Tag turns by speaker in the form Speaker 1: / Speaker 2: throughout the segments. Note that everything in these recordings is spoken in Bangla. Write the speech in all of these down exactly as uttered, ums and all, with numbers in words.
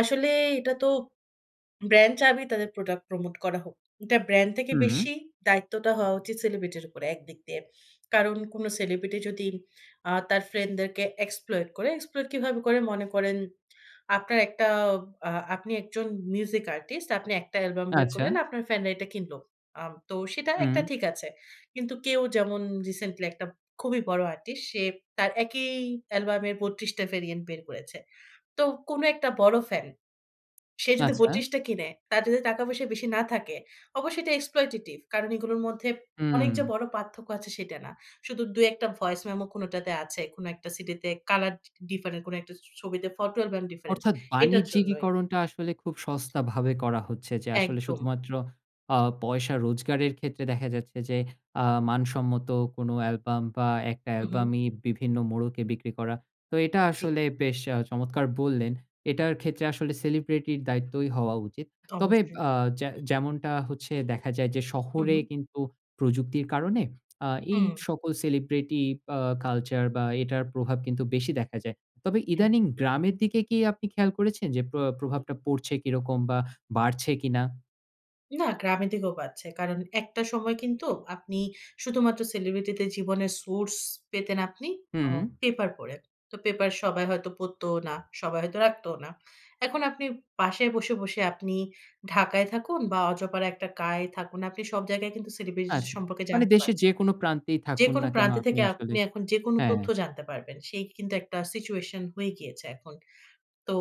Speaker 1: আসলে এটা তো brand চাবেই তাদের product promote করা হোক। এটা brand থেকে
Speaker 2: হুম।
Speaker 1: বেশি দায়িত্বটা হওয়া উচিত celebrity র উপরে একদিক দিয়ে। কারণ কোন celebrity যদি আ তার ফ্রেন্ডদেরকে exploit করে, exploit কিভাবে করে? মনে করেন, আপনার একটা আ আপনি একজন music artist, আপনি একটা অ্যালবাম বের
Speaker 2: আচ্ছা।
Speaker 1: করলেন, আপনার ফ্যানরা এটা কিনল। আ তো সেটা একটা
Speaker 2: হুম,
Speaker 1: ঠিক আছে। কিন্তু কেউ যেমন রিসেন্টলি একটা খুবই বড় আরটিস, সে তার একই অ্যালবামের বত্রিশ টা variant বের করেছে। তো কোন একটা বড় ফ্যান। সে যদি
Speaker 2: আচ্ছা।
Speaker 1: বত্রিশ টা কিনে, তার যদি টাকা পয়সা বেশি না থাকে, অবশ্যই এটা exploitive। কারণ এগুলোর মধ্যে
Speaker 2: হুম।
Speaker 1: অনেক যে, বড় পার্থক্য আছে, সেটা না। শুধু দুই, এক টা voice memo কোনটাতে আছে। কোন একটা সিডিতে colour ডি different, কোন একটা ছ ছবিতে photo album different,
Speaker 2: অর্থাৎ,
Speaker 1: এটার জন্যই।
Speaker 2: বাণিজ্যিকীকরণটা আসলে খুব সস্তাভাবে করা হচ্ছে যে, আসলে
Speaker 1: একদম।
Speaker 2: শুধুমাত্র আ পয়সা রোজগারের ক্ষেত্রে দেখা যাচ্ছে যে, আ মানসম্মত কোন অ্যালবাম, বা একটা
Speaker 1: হু, হুম,
Speaker 2: অ্যালবামই বিভিন্ন মোড়কে বিক্রি করা। তো এটা
Speaker 1: জি।
Speaker 2: আসলে বেশ আ চমৎকার বললেন। এটার ক্ষেত্রে আসলে celebrity র দায়িত্বই হওয়া উচিত। তবে
Speaker 1: অবশ্যই।
Speaker 2: আ যে যেমনটা হচ্ছে দেখা যায় যে,
Speaker 1: হু,
Speaker 2: শহরে
Speaker 1: হুম,
Speaker 2: কিন্তু প্রযুক্তির কারণে আ এই
Speaker 1: হুম।
Speaker 2: সকল celebrity আ কালচার বা, এটার প্রভাব কিন্তু বেশি দেখা যায়। তবে
Speaker 1: হ্যাঁ।
Speaker 2: ইদানিং গ্রামের দিকে কি আপনি খেয়াল করেছেন যে, প্র প্রভাবটা পড়ছে কিরকম? বা বাড়ছে কিনা?
Speaker 1: না গ্রামের দিকেও পাচ্ছে। কারণ একটা সময় কিন্তু আপনি শুধুমাত্র celebrity দের জীবনের source পেতেন আপনি
Speaker 2: হুম।
Speaker 1: আ পেপার পড়ে। তো পেপার সবাই হয়তো পড়তও না। সবাই হয়তো রাখতোও না। এখন আপনি পাশে বসে, বসে আপনি ঢাকায় থাকুন, বা অজপাড়ায় একটা গাঁয়ে থাকুন। আপনি সব জায়গায় কিন্তু celebrity দের
Speaker 2: আচ্ছা,
Speaker 1: সম্পর্কে
Speaker 2: মানে
Speaker 1: জানতে
Speaker 2: দেশের যে,
Speaker 1: পারছেন।
Speaker 2: কোন প্রান্তেই থাকুন
Speaker 1: যেকোনো
Speaker 2: না কেন,
Speaker 1: প্রান্তে
Speaker 2: আপনি
Speaker 1: থেকে
Speaker 2: আসলে
Speaker 1: আপনি এখন যেকোনো
Speaker 2: হ্যাঁ।
Speaker 1: তথ্য জানতে পারবেন। সেই কিন্তু একটা situation হয়ে গিয়েছে এখন। তো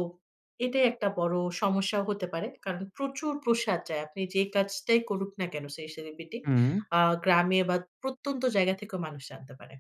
Speaker 1: এটাই একটা বড় সমস্যা হতে পারে। কারণ প্রচুর প্রসার যায়। আপনি যে, কাজটাই করুক না কেন সেই celebrity,
Speaker 2: হুম,
Speaker 1: আ গ্রামে বা প্রত্যন্ত জায়গা থেকেও মানুষ জানতে পারে।